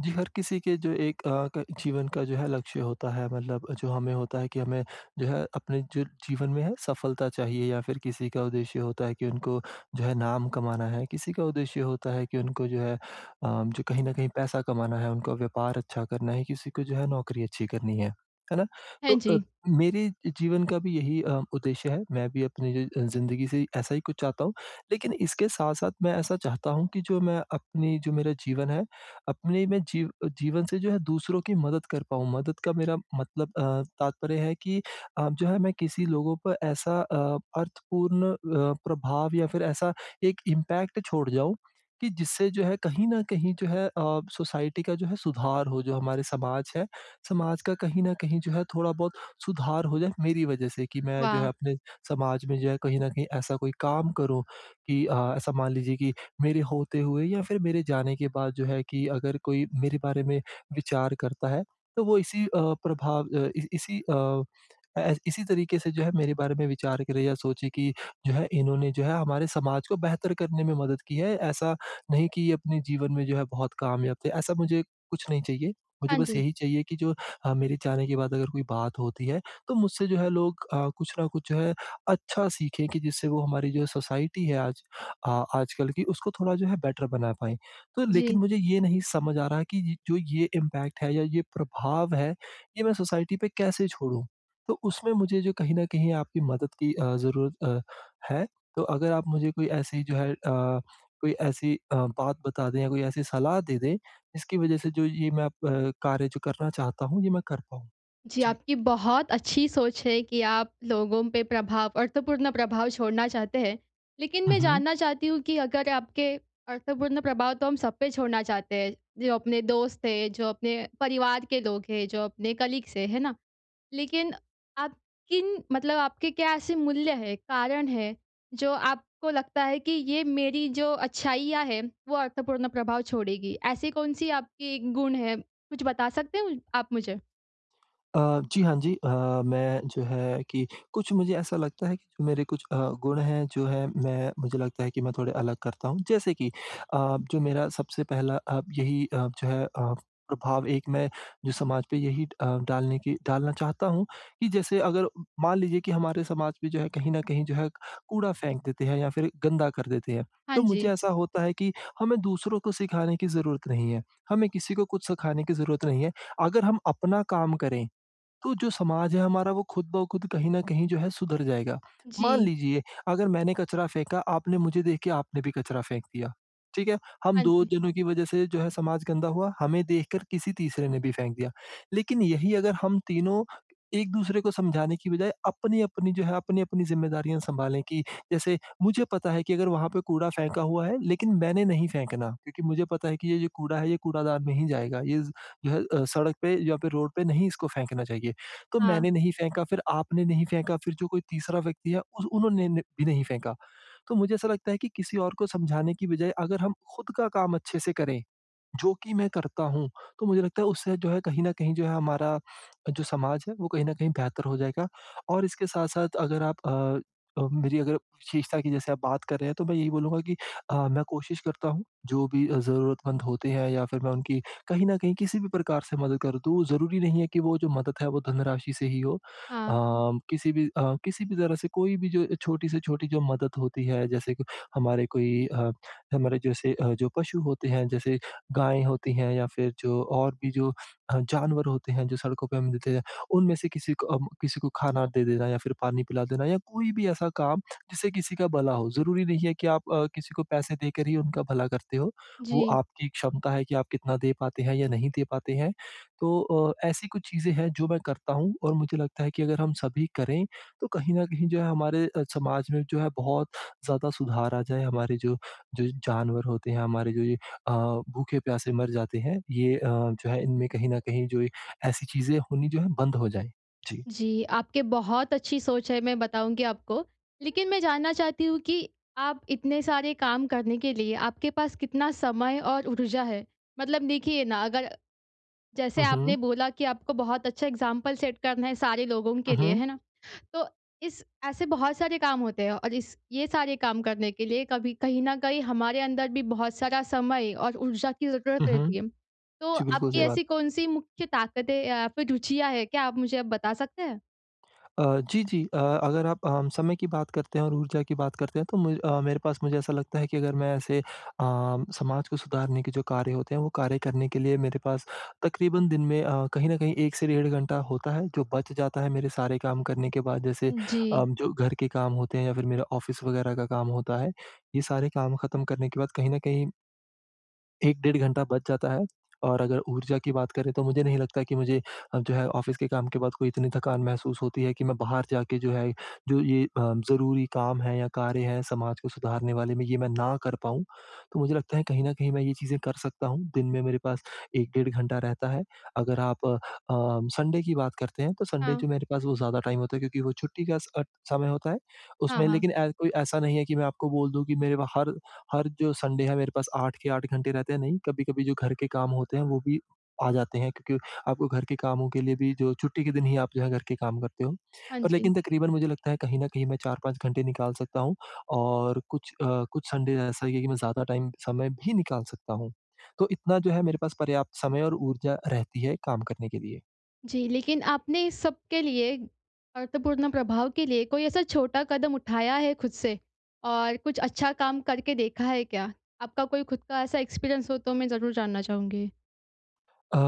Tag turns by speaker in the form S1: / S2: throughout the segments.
S1: जी, हर किसी के जो एक अ, क जीवन का जो है, लक्ष्य होता है मतलब जो हमें होता है कि हमें जो है, अपने जो जीवन में है, सफलता चाहिए या फिर किसी का उद्देश्य होता है कि उनको जो है, नाम कमाना है। किसी का उद्देश्य होता है कि उनको जो है अ, जो कहीं न कहीं पैसा कमाना है, उनको व्यापार अच्छा करना है, किसी को जो है, नौकरी अच्छी करनी है। है ना?
S2: हाँ
S1: तो अ,
S2: जी।
S1: मेरे जीवन का भी यही अ, उद्देश्य है। मैं भी अपनी य अ, ज़िंदगी से ऐसा ही कुछ चाहता हूँ। लेकिन इसके साथ-साथ मैं ऐसा चाहता हूँ कि जो मैं अपनी जो मेरा जीवन है, अपने में जीव अ, जीवन से जो है दूसरों की मदद कर पाऊँ। मदद का मेरा मतलब अ, तात्पर्य है कि आप जो है, मैं किसी लोगों पे ऐसा अ, अर्थपूर्ण अ, प्रभाव या फिर ऐसा एक इम्पैक्ट छोड़ जाऊँ कि जिससे जो है, कहीं न कहीं जो है अ, सोसाइटी का जो है, सुधार हो। जो हमारे समाज है, समाज का कहीं न कहीं जो है, थोड़ा-बहुत सुधार हो जाए, मेरी वजह से कि मैं जो है
S2: वाह!
S1: अपने समाज में जो है, कहीं न कहीं ऐसा कोई काम करूँ कि अ, ऐसा मान लीजिए कि मेरे होते हुए या फिर मेरे जाने के बाद जो है कि अगर कोई मेरे बारे में विचार करता है, तो वो इसी अ, प्रभाव अ, इसी इसी अ, ऐस इसी तरीके से जो है, मेरे बारे में विचार करे या सोचे कि, "जो है, इन्होंने जो है, हमारे समाज को बेहतर करने में मदद की है। ऐसा नहीं कि ये अपने जीवन में जो है बहुत कामयाब थे।" ऐसा मुझे कुछ नहीं चाहिए। मुझे
S2: हाँ
S1: बस
S2: जी।
S1: यही चाहिए की जो अ, मेरे जाने के बाद अगर कोई बात होती है, तो मुझसे जो है लोग अ, कुछ न कुछ जो है, अच्छा सीखें कि जिससे वो हमारी जो सोसाइटी है आज आ आजकल की, उसको थोड़ा जो है बेटर बना पाएँ। तो लेकिन
S2: जी।
S1: मुझे ये नहीं समझ आ रहा है कि य जो ये इम्पैक्ट है या ये प्रभाव है, ये मैं सोसाइटी पे कैसे छोड़ूँ? तो उसमें मुझे जो कहीं न कहीं आपकी मदद की अ, ज़रूरत अ, हैं। तो अगर आप मुझे कोई ऐसी जो है अ, कोई ऐसी अ, बात बता दें या कोई ऐसी सलाह दे दें, जिसकी वजह से जो ये मैं अब कार्य, जो करना चाहता हूँ, ये मैं कर पाऊँ।
S2: जी,
S1: जी।
S2: आपकी बहुत अच्छी सोच है कि आप लोगों पे प्रभाव अर्थपूर्ण प्रभाव छोड़ना चाहते हैं। लेकिन
S1: हुँ,
S2: मैं
S1: हुँ।
S2: जानना चाहती हूँ कि अगर आपके अर्थपूर्ण प्रभाव तो हम सब पे छोड़ना चाहते हैं, जो अपने दोस्त हैं, जो अपने परिवार के लोग हैं, जो अपने कलीग्स हैं। है ना? लेकिन आप किन मतलब आपके क्या ऐसे मूल्य हैं, कारण हैं, जो आपको लगता है कि ये मेरी जो अच्छाइयाँ हैं, वो अर्थपूर्ण प्रभाव छोड़ेगी? ऐसी कौन-सी आपकी गुण है? कुछ बता सकते हो आप मुझे?
S1: अ, जी, हाँ जी। अ, मैं जो है कि कुछ मुझे ऐसा लगता है कि मेरे कुछ अ, गुण हैं जो है, मैं मुझे लगता है कि मैं थोड़े अलग करता हूँ। जैसे कि अ, जो मेरा सबसे पहला अ, यही अ, जो है अ, प्रभाव एक मैं जो समाज पे यही ड अ, डालने की डालना चाहता हूँ कि जैसे अगर मान लीजिए कि हमारे समाज में जो है, कहीं न कहीं जो है, कूड़ा फेंक देते हैं या फिर गंदा कर देते हैं,
S2: हाँ
S1: तो मुझे
S2: जी।
S1: ऐसा होता है कि हमें दूसरों को सिखाने की ज़रूरत नहीं है। हमें किसी को कुछ सिखाने की ज़रूरत नहीं है। अगर हम अपना काम करें, तो जो समाज है हमारा, वो खुद-ब-खुद कहीं न कहीं जो है सुधर जाएगा। मान
S2: जी।
S1: लीजिए, अगर मैंने कचरा फेंका, आपने मुझे देख के आपने भी कचरा फेंक दिया। ठीक है? हम
S2: हाँ
S1: 2
S2: जी।
S1: जनों की वज़ह से जो है समाज गंदा हुआ, हमें देखकर किसी तीसरे ने भी फेंक दिया। लेकिन यही अगर हम तीनों एक-दूसरे को समझाने की बजाय अपनी-अपनी जो है, अपनी-अपनी ज़िम्मेदारियाँ सँभालें कि जैसे मुझे पता है कि अगर वहाँ पे कूड़ा फेंका हुआ है, लेकिन मैंने नहीं फेंकना क्योंकि मुझे पता है कि ये जो कूड़ा है, ये कूड़ादान में ही जाएगा। इज़ जो है अ, सड़क पे या फिर रोड पे नहीं इसको फेंकना चाहिए। तो
S2: हाँ।
S1: मैंने नहीं फेंका, फिर आपने नहीं फेंका, फिर जो कोई तीसरा व्यक्ति है, उस उन्होंने ने भी नहीं फेंका। तो मुझे ऐसा लगता है कि किसी और को समझाने की बजाय, अगर हम खुद का काम अच्छे से करें, जो कि मैं करता हूँ, तो मुझे लगता है, उससे जो है कहीं न कहीं जो है, हमारा जो समाज है, वो कहीं न कहीं बेहतर हो जाएगा। और इसके साथ-साथ अगर आप अ अ, मेरी अगर विशेषता की जैसे आप बात कर रहे हैं, तो मैं यही बोलूँगा कि अ, मैं कोशिश करता हूँ, जो भी अ, ज़रूरतमंद होते हैं या फिर मैं उनकी कहीं न कहीं किसी भी प्रकार से मदद कर दूँ, ज़रूरी नहीं है कि वो जो मदद है, वो धनराशि से ही हो।
S2: हाँ।
S1: अम, किसी भी अ, किसी भी तरह से कोई भी जो अ, छोटी से छोटी जो मदद होती है, जैसे कि हमारे कोई अ, हमारे जैसे अ, जो पशु होते हैं, जैसे गाय होती हैं या फिर जो और भी जो अ, जानवर होते हैं, जो सड़कों पे हमें दिखते जाएँ, उनमें से किसी को अम, किसी को खाना दे देना या फिर पानी पिला देना या कोई भी ऐसा काम, जिससे किसी का भला हो। ज़रूरी नहीं है कि आप अ, किसी को पैसे देकर ही उनका भला करते हों। वो
S2: जी।
S1: आपकी क्षमता है कि आप कितना दे पाते हैं या नहीं दे पाते हैं। तो अ, ऐसी कुछ चीज़ें हैं, जो मैं करता हूँ और मुझे लगता है कि अगर हम सभी करें, तो कहीं न कहीं जो है, हमारे अ, समाज में जो है, बहुत ज़्यादा सुधार आ जाए। हमारे जो जो जानवर होते हैं, हमारे जो ये अ, भूखे-प्यासे मर जाते हैं, ये अ, जो है, इनमें कहीं न कहीं जो ये ऐसी चीज़ें होनी जो हैं, बंद हो जाएँ। जी।
S2: जी, आपके बहुत अच्छी सोच है, मैं बताऊँगी आपको। लेकिन मैं जानना चाहती हूँ कि आप इतने सारे काम करने के लिए आपके पास कितना समय और ऊर्जा है? मतलब देखिए ना, अगर जैसे
S1: हुँ,
S2: आपने
S1: हुँ।
S2: बोला कि आपको बहुत अच्छा एग्ज़ाम्पल सेट करना है सारे लोगों के
S1: हुँ,
S2: लिए,
S1: हुँ।
S2: है ना? तो इस ऐसे बहुत सारे काम होते हैं और इस ये सारे काम करने के लिए कभी कहीं न कहीं हमारे अंदर भी बहुत सारा समय और ऊर्जा की
S1: हुँ,
S2: ज़रूरत
S1: हुँ।
S2: रहती है। तो
S1: जी, बिल्कुल
S2: आपकी
S1: सही बात।
S2: ऐसी कौन-सी मुख्य ताकतें या फिर रुचियाँ हैं? क्या आप मुझे बता सकते हैं?
S1: अ, जी, जी अ, अगर आप अम, समय की बात करते हैं और ऊर्जा की बात करते हैं, तो मु अ, मेरे पास मुझे ऐसा लगता है कि अगर मैं ऐसे अ, समाज को सुधारने के जो कार्य होते हैं वो कार्य करने के लिए मेरे पास तकरीबन दिन में अ, कहीं न कहीं 1 से डेढ़ घंटा होता है जो बच जाता है मेरे सारे काम करने के बाद। जैसे अ,
S2: जी।
S1: जो घर के काम होते हैं या फिर मेरा ऑफ़िस वगैरह का काम होता है, ये सारे काम खत्म करने के बाद कहीं न कहीं 1 डेढ़ घंटा बच जाता है और अगर ऊर्जा की बात करें तो मुझे नहीं लगता कि मुझे अ, जो है ऑफ़िस के काम के बाद कोई इतनी थकान महसूस होती है कि मैं बाहर जाके जो है, जो ये अ, ज़रूरी काम है या कार्य है समाज को सुधारने वाले में ये मैं ना कर पाऊँ। तो मुझे लगता है कहीं न कहीं मैं ये चीज़ें कर सकता हूँ, दिन में मेरे पास 1 डेढ़ घंटा रहता है। अगर आप अ, संडे की बात करते हैं तो संडे
S2: हाँ।
S1: जो मेरे पास वो ज़्यादा टाइम होता है क्योंकि वो छुट्टी का स अ, समय होता है।
S2: हाँ,
S1: उसमें
S2: हाँ।
S1: लेकिन ए, कोई ऐसा नहीं है कि मैं आपको बोल दूँ कि मेरे पा हर हर जो संडे है, मेरे पास 8 के 8 घंटे रहते हैं, नहीं। कभी-कभी जो घर के काम होते हैं वो भी आ जाते हैं क्योंकि आपको घर के कामों के लिए भी जो छुट्टी के दिन ही आप जो है घर के काम करते हो
S2: हाँ
S1: पर
S2: जी।
S1: लेकिन तकरीबन मुझे लगता है कहीं न कहीं मैं 4-5 घंटे निकाल सकता हूँ। और कुछ अ, कुछ संडे ऐसा ही है कि मैं ज़्यादा टाइम समय भी निकाल सकता हूँ। तो इतना जो है मेरे पास पर्याप्त समय और ऊर्जा रहती है काम करने के लिए।
S2: जी। लेकिन आपने इस सबके लिए अर्थपूर्ण प्रभाव के लिए कोई ऐसा छोटा कदम उठाया है खुद से? और कुछ अच्छा काम करके देखा है क्या? आपका कोई खुद का ऐसा एक्सपीरियंस हो तो मैं ज़रूर जानना चाहूँगी?
S1: अ,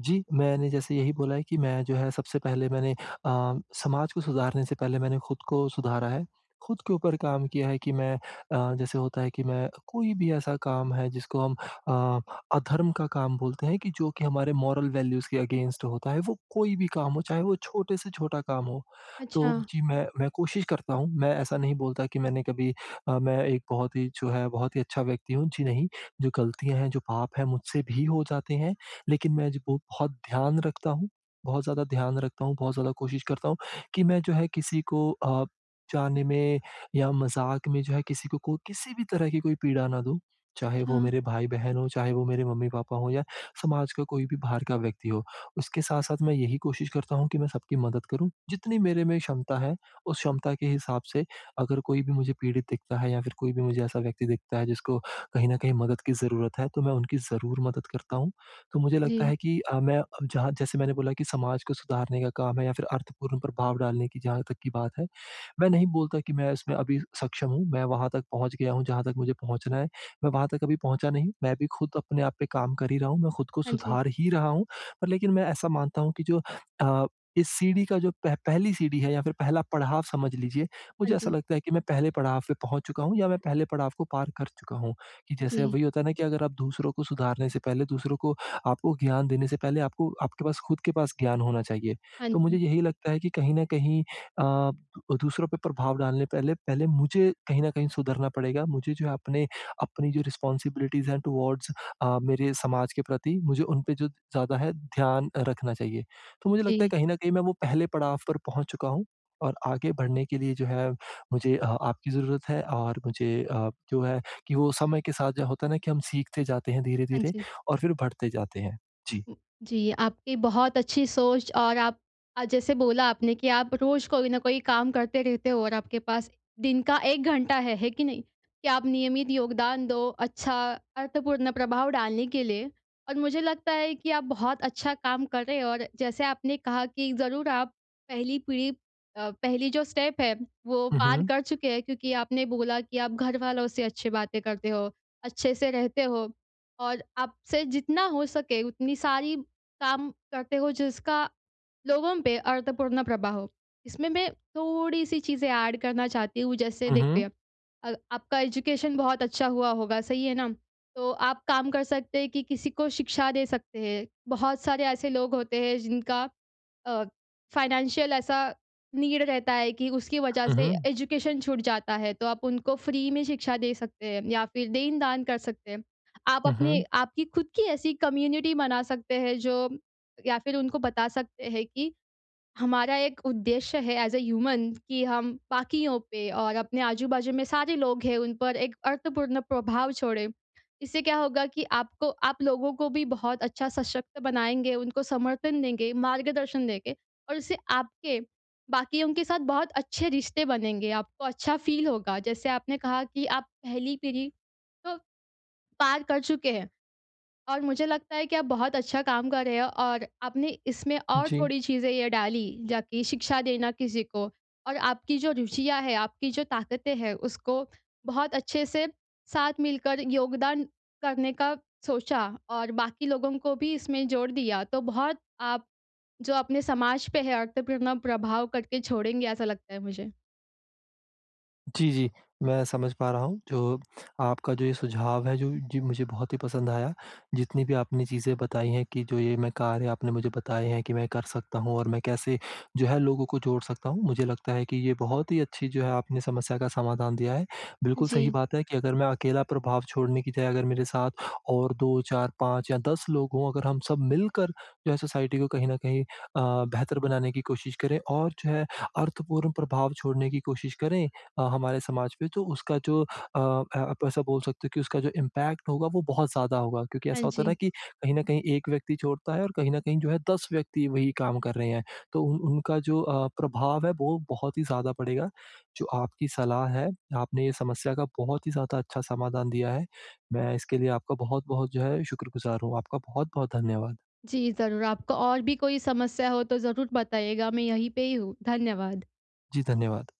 S1: जी। मैंने जैसे यही बोला है, कि मैं जो है सबसे पहले मैंने अ, समाज को सुधारने से पहले मैंने खुद को सुधारा है। खुद के ऊपर काम किया है कि, मैं अ, जैसे होता है कि मैं क कोई भी ऐसा काम है जिसको हम अ अधर्म का काम बोलते हैं कि जो कि हमारे मोरल वैल्यूज के अगेंस्ट होता है। वो कोई भी काम हो, चाहे वो छोटे से छोटा काम हो, तो
S2: अच्छा।
S1: जी मैं मैं कोशिश करता हूँ। मैं ऐसा नहीं बोलता कि मैंने कभी अ, मैं एक बहुत ही जो है बहुत ही अच्छा व्यक्ति हूँ, जी नहीं। जो गलतियाँ हैं, जो पाप हैं मुझसे भी हो जाते हैं। लेकिन मैं जो हूँ बहुत ध्यान रखता हूँ। बहुत ज़्यादा ध्यान रखता हूँ, बहुत ज़्यादा कोशिश करता हूँ कि मैं जो है किसी को अ, ब जाने में या मज़ाक, में जो है, किसी को कोई किसी भी तरह की कोई पीड़ा ना दूँ। चाहे वो
S2: अच्छा।
S1: मेरे भाई-बहन हो, चाहे वो मेरे मम्मी-पापा हो या समाज का कोई भी बाहर का व्यक्ति हो। उसके साथ-साथ मैं यही कोशिश करता हूँ, कि मैं सबकी मदद करूँ। जितनी मेरे में क्षमता है, उस क्षमता के हिसाब से अगर कोई भी मुझे पीड़ित दिखता है या फिर कोई भी मुझे ऐसा व्यक्ति दिखता है, जिसको कहीं न कहीं मदद की ज़रूरत है। तो मैं उनकी ज़रूर मदद करता हूँ। तो मुझे लगता
S2: जी।
S1: है कि अ, मैं अ, जहाँ जैसे मैंने बोला कि समाज को सुधारने का काम है, या फिर अर्थपूर्ण प्रभाव डालने की जहाँ तक की बात है। मैं नहीं बोलता कि मैं इसमें अभी सक्षम हूँ। मैं वहाँ तक पहुँच गया हूँ, जहाँ तक मुझे पहुँचना है। मैं वहाँ तक अभी पहुँचा नहीं। मैं अभी खुद अपने आप पे काम कर ही रहा हूँ। मैं खुद को
S2: हाँ, जी।
S1: सुधार ही रहा हूँ। पर लेकिन मैं ऐसा मानता हूँ कि जो अ, इस सीढ़ी का जो पह पहली सीढ़ी है या फिर पहला पड़ाव समझ लीजिए।
S2: हाँ,
S1: मुझे ऐसा
S2: जी।
S1: लगता है कि मैं पहले पड़ाव पे पहुँच चूका हूँ, या मैं पहले पड़ाव को पार कर चुका हूँ। कि जैसे
S2: जी।
S1: वही होता है ना कि अगर आप दूसरों को सुधारने से पहले दूसरों को आपको ज्ञान देने से पहले आपको आपके पास खुद के पास ज्ञान होना चाहिए।
S2: हाँ,
S1: तो मुझे
S2: जी।
S1: यही लगता है, कि कहीं न कहीं अ, दूसरों पर प्रभाव डालने पहले पहले मुझे कहीं न कहीं सुधरना पड़ेगा। मुझे जो है अपने अपनी जो रिस्पॉन्सिबिलिटीज़ टुवर्ड्स अ, मेरे समाज के प्रति मुझे उन पे जो ज़्यादा है ध्यान रखना चाहिए। तो मुझे लगता है
S2: जी।
S1: कहीं न कहीं मैं वो पहले पड़ाव पर पहुँच चुका हूँ, और आगे बढ़ने के लिए जो है मुझे अ आपकी ज़रूरत है और मुझे अ, जो है कि वो समय के साथ जो होता है ना, कि हम सीखते जाते हैं
S2: हाँ,
S1: धीरे-धीरे
S2: जी।
S1: और फिर बढ़ते जाते हैं। जी।
S2: जी, आपकी बहुत अच्छी सोच और आप अ, जैसे बोला आपने कि आप रोज कोई न कोई काम करते रहते हो, और आपके पास दिन का 1 घंटा है, है कि नहीं? कि आप नियमित योगदान दो अच्छा अर्थपूर्ण प्रभाव डालने के लिए और मुझे लगता है कि, आप बहुत अच्छा काम कर रहे हो, और जैसे आपने कहा कि जरूर आप पहली पीढ़ी अ पहली जो स्टेप वो
S1: हुँ,
S2: पार
S1: हुँ।
S2: कर चुके हैं। क्योंकि आपने बोला कि आप घर वालों से अच्छी बातें करते हो, अच्छे से रहते हो, और आपसे जितना हो सके उतनी सारी काम करते हो जिसका लोगों पे अर्थपूर्ण प्रभाव हो। इसमें मैं थोड़ी-सी चीज़ें ऐड करना चाहती हूँ। जैसे
S1: हुँ, हुँ।
S2: देखिए, अ, आपका एजुकेशन बहुत अच्छा हुआ होगा सही है ना? तो आप काम कर सकते हैं, कि किसी को शिक्षा दे सकते हैं। बहुत सारे ऐसे लोग होते हैं जिनका अ, फाइनेंशियल ऐसा नीड रहता है कि उसकी वजह
S1: हुँ,
S2: से
S1: हुँ।
S2: एजुकेशन छूट जाता है तो आप उनको फ्री में शिक्षा दे सकते हैं, या फिर देन-दान कर सकते हैं। आप
S1: हुँ,
S2: अपने
S1: हुँ।
S2: आपकी खुद की ऐसी कम्युनिटी बना सकते हैं जो या फिर उनको बता सकते हैं कि हमारा एक उद्देश्य है ऐज़ अ ह्यूमन कि हम बाकियों पे और अपने आजू-बाजू में सारे लोग हैं उन पर एक अर्थपूर्ण प्रभाव छोड़े। इससे क्या होगा कि आपको आप लोगों को भी बहुत अच्छा सशक्त बनाएँगे, उनको समर्थन देंगे मार्गदर्शन देके, और इससे आपके बाकियों के साथ बहुत अच्छे रिश्ते बनेंगे आपको अच्छा फील होगा। जैसे आपने कहा कि आप पहली पीढ़ी तो पार कर चुके हैं। और मुझे लगता है कि आप बहुत अच्छा काम कर रहे हो और आपने इसमें और
S1: जी।
S2: थोड़ी चीज़ें ये डाली, जाकि शिक्षा देना किसी को और आपकी जो रुचियाँ है, आपकी जो ताकतें हैं। उसको, बहुत अच्छे से साथ मिलकर योगदान करने का सोचा और बाकी लोगों को भी इसमें जोड़ दिया, तो बहुत आप जो अपने समाज पे है अर्थपूर्ण प्रभाव करके छोड़ेंगे ऐसा लगता है मुझे।
S1: जी, जी। मैं समझ पा रहा हूँ, जो आपका जो ये सुझाव है, जो जी, मुझे बहुत ही पसंद आया। जितनी भी आपने चीज़ें बताई हैं कि जो ये मैं कार्य आपने मुझे बताए हैं कि मैं कर सकता हूँ और मैं कैसे जो है लोगों को जोड़ सकता हूँ, मुझे लगता है कि ये बहुत ही अच्छी जो है, आपने समस्या का समाधान दिया है। बिल्कुल सही
S2: जी।
S1: बात है कि अगर मैं अकेला प्रभाव छोड़ने की जगह अगर मेरे साथ और 2-4-5 या 10 लोग हों, अगर हम सब मिलकर जो हैं सोसाइटी को कहीं न कहीं अ, बेहतर बनाने की कोशिश करें और जो है अर्थपूर्ण प्रभाव छोड़ने की कोशिश करें अ, हमारे समाज पे तो उसका जो अ, आप ऐसा बोल सकते हो कि उसका जो इम्पैक्ट होगा, वो बहुत ज़्यादा होगा क्योंकि
S2: हाँ
S1: ऐसा होता है ना
S2: जी।
S1: कि कहीं न कहीं एक व्यक्ति छोड़ता है और कहीं न कहीं जो हैं, 10 व्यक्ति वही काम कर रहे हैं। तो उ उनका जो अ, प्रभाव है, वो बहुत ही ज़्यादा पड़ेगा। जो आपकी सलाह है, आपने ये समस्या का बहुत ही ज़्यादा अच्छा समाधान दिया है। मैं इसके लिए आपका बहुत-बहुत जो है, शुक्रगुज़ार हूँ। आपका बहुत-बहुत धन्यवाद।
S2: जी ज़रूर, आपको और भी कोई समस्या हो तो ज़रूर बताइएगा, मैं यहीं पे ही हूँ। धन्यवाद।
S1: जी, धन्यवाद।